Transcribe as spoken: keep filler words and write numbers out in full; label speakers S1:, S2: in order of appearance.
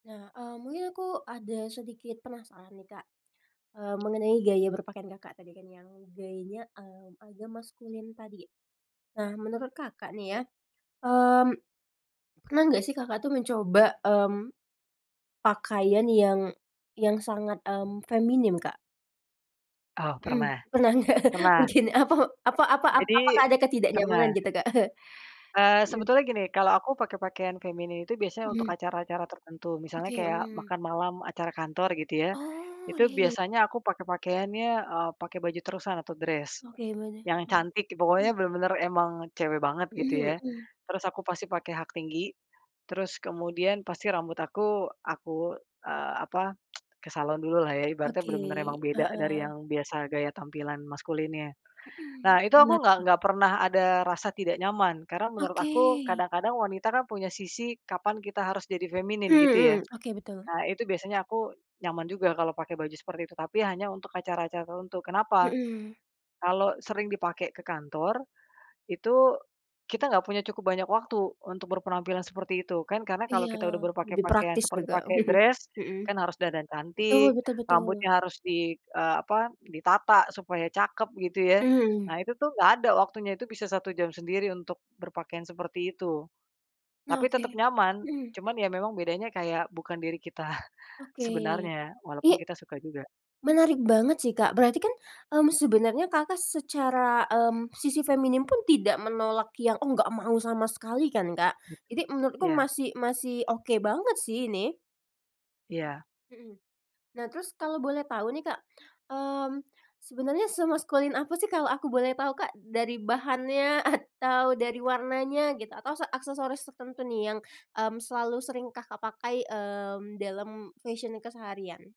S1: Nah, eee, mungkin aku ada sedikit penasaran nih Kak, eee, mengenai gaya berpakaian Kakak tadi kan, yang gayanya, eee, agak maskulin tadi. Nah, menurut Kakak nih ya, mmm, pernah nggak sih Kakak tuh mencoba, mmm, pakaian yang yang sangat, mmm, feminim, Kak?
S2: Oh,
S1: Mhm,
S2: pernah,
S1: pernah nggak,
S2: pernah.
S1: mungkin, apa apa apa apakah
S2: Jadi,
S1: ada ketidaknyamanan
S2: pernah.
S1: gitu, Kak?
S2: Eee,
S1: Mhm.
S2: sebetulnya gini, kalau aku pakai pakaian feminim itu biasanya untuk
S1: Mmm.
S2: acara-acara tertentu. Misalnya
S1: Oke,
S2: kayak
S1: mmm.
S2: makan malam acara kantor, gitu ya.
S1: Oh,
S2: Itu
S1: iya, ya.
S2: biasanya aku pakai pakaiannya, eee, pakai baju terusan atau dress.
S1: Oh, kayak gimana?
S2: Yang
S1: Mmm,
S2: cantik, pokoknya
S1: mhm.
S2: bener-bener emang cewek banget, gitu
S1: Mhm
S2: ya.
S1: mhm.
S2: Terus aku pasti pakai hak tinggi, terus kemudian pasti rambut aku, aku eee, apa, ke salon dulu lah ya. Ibaratnya
S1: Oke,
S2: bener-bener emang beda dari
S1: heeh.
S2: yang biasa, gaya tampilan maskulinnya.
S1: Mhm,
S2: Nah,
S1: makin
S2: itu aku
S1: dilihat,
S2: nggak
S1: gitu.
S2: nggak pernah ada rasa tidak nyaman. Karena menurut aku
S1: Oke.
S2: kadang-kadang wanita kan punya sisi kapan kita harus jadi feminin,
S1: Hmm,
S2: gitu, ya?
S1: mmm, oke, betul.
S2: Nah, itu biasanya aku nyaman juga kalau pakai baju seperti itu. Tapi hanya untuk acara-acara tertentu. Kenapa?
S1: Mhm.
S2: Kalau sering dipakai ke kantor, itu kita nggak punya cukup banyak waktu, untuk berpenampilan seperti itu. Kan
S1: Oh,
S2: karena kalau
S1: iya,
S2: kita udah
S1: lebih
S2: berpakai-pakaian
S1: praktis
S2: seperti
S1: juga.
S2: pakai dress,
S1: Mhm,
S2: kan harus dandan
S1: betul
S2: cantik,
S1: betul betul.
S2: rambutnya harus di eee, apa, ditata supaya cakep, gitu ya.
S1: Mmm.
S2: Nah, itu tuh nggak ada waktunya. Itu bisa satu jam sendiri untuk berpakaian seperti itu.
S1: Nah,
S2: Tapi tetap
S1: oke.
S2: nyaman. Cuman ya memang bedanya kayak bukan diri kita
S1: Oke.
S2: sebenarnya,
S1: I
S2: walaupun kita suka juga.
S1: menarik banget sih, Kak. Berarti kan, mmm, sebenernya Kakak secara, mmm, sisi feminim pun tidak menolak yang enggak mau sama sekali kan, Kak? Jadi menurutku
S2: Iya.
S1: masih masih oke banget sih ini. Mmm,
S2: Iya.
S1: mhm. Nah, terus kalau boleh tahu nih Kak, mmm, sebenernya semaskulin apa sih kalau aku boleh tahu, Kak? Dari bahannya, atau, dari warnanya, gitu? Atau se aksesoris tertentu nih yang, mmm, selalu sering Kakak pakai, mmm, dalam fashion keseharian?